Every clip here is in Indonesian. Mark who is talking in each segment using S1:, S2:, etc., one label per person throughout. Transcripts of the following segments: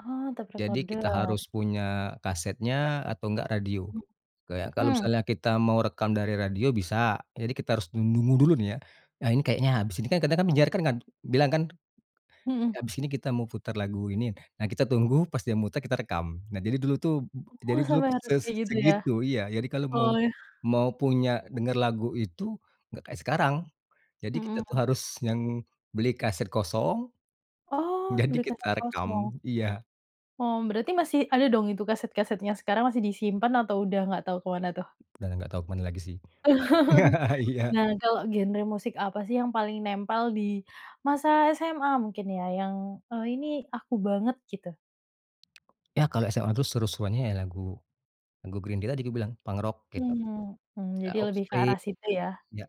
S1: Oh, tape
S2: Jadi
S1: recorder.
S2: kita harus punya kasetnya atau enggak radio.
S1: M
S2: Kayak kalau
S1: mmm.
S2: misalnya kita mau rekam dari radio bisa. Jadi kita harus nung nunggu dulu nih, ya. Nah, ini kayaknya habis ini, kan kadang-kadang penyiar kan bilang kan,
S1: Mhm.
S2: habis ini kita mau putar lagu ini. Nah, kita tunggu pas dia muter, kita rekam. Nah, jadi dulu tuh,
S1: Oh,
S2: jadi dulu
S1: sampai harus
S2: ses
S1: kayak gitu, ya?
S2: segitu, iya, jadi kalau mau
S1: Oh.
S2: mau punya denger lagu itu, enggak kayak sekarang. Jadi kita tuh
S1: Mhm.
S2: harus yang beli kaset kosong,
S1: Oh,
S2: jadi
S1: beli kaset
S2: kita rekam,
S1: kosong.
S2: iya.
S1: Oh, berarti masih ada dong itu kaset-kasetnya sekarang, masih disimpan atau sudah nggak tahu ke mana, tuh?
S2: Sudah enggak tau ke mana lagi sih. Iya.
S1: Nah, kalau genre musik, apa sih yang paling nempel di masa SMA mungkin, ya? Yang, "Oh, ini aku banget", gitu.
S2: Iya, kalau SMA itu seru-seruannya ya lagu, lagu Green Day tadi kubilang, punk rock, gitu.
S1: Mmm, mmm,
S2: Ada
S1: jadi lebih ke
S2: Offspring,
S1: arah situ, ya.
S2: iya.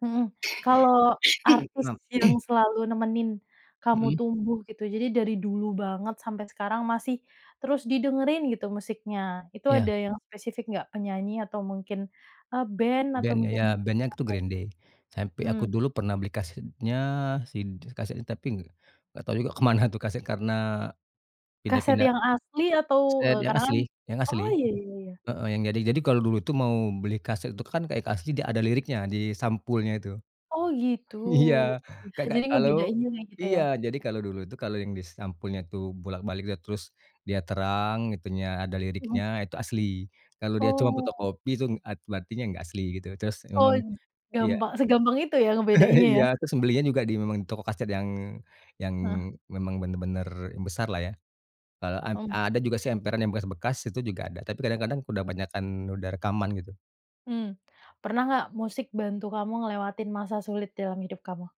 S1: Mhm. Kalau artis yang selalu nemenin Kamu
S2: Mhm.
S1: tumbuh, gitu, jadi dari dulu banget sampai sekarang masih terus didengerin gitu musiknya. Itu ada
S2: Iya.
S1: yang spesifik enggak? Penyanyi atau mungkin, eee, band atau
S2: Band ya
S1: mungkin,
S2: ya, band itu Green Day.
S1: atau
S2: Sampai
S1: mmm.
S2: aku dulu pernah beli kasetnya, si kaset itu tapi enggak tahu juga ke mana tuh kaset karena
S1: Kaset
S2: pindah-pindah.
S1: yang asli atau
S2: Iya, dia yang
S1: kadang
S2: asli
S1: kan
S2: yang asli.
S1: oh, iya iya iya.
S2: Heeh, yang jadi jadi kalau dulu itu mau beli kaset itu kan kayak asli, dia ada liriknya di sampulnya itu.
S1: Oh, gitu.
S2: Iya, Kakak,
S1: Jadi
S2: kalau
S1: ngebedainnya kayak gitu,
S2: iya,
S1: ya?
S2: jadi kalau dulu itu kalau yang di sampulnya tuh bolak-balik, iya, terus, dia terang itunya, ada
S1: Mhm.
S2: liriknya itu asli. Kalau dia cuma
S1: Oh.
S2: fotokopi itu art berarti dia enggak asli, gitu. Terus
S1: Oh,
S2: memang iya.
S1: gampa segampang itu ya ngebedainnya, ya?
S2: Iya. Terus membelinya juga di memang di toko kaset yang yang
S1: Heeh.
S2: memang bener-bener, yang besar lah, ya. Eee, ad
S1: Oh.
S2: ada juga sih emperan yang bekas-bekas itu juga ada. Tapi kadang-kadang sudah banyak kan sudah rekaman, gitu.
S1: Mmm. Pernah enggak musik bantu Kamu ngelewatin masa sulit dalam hidup kamu?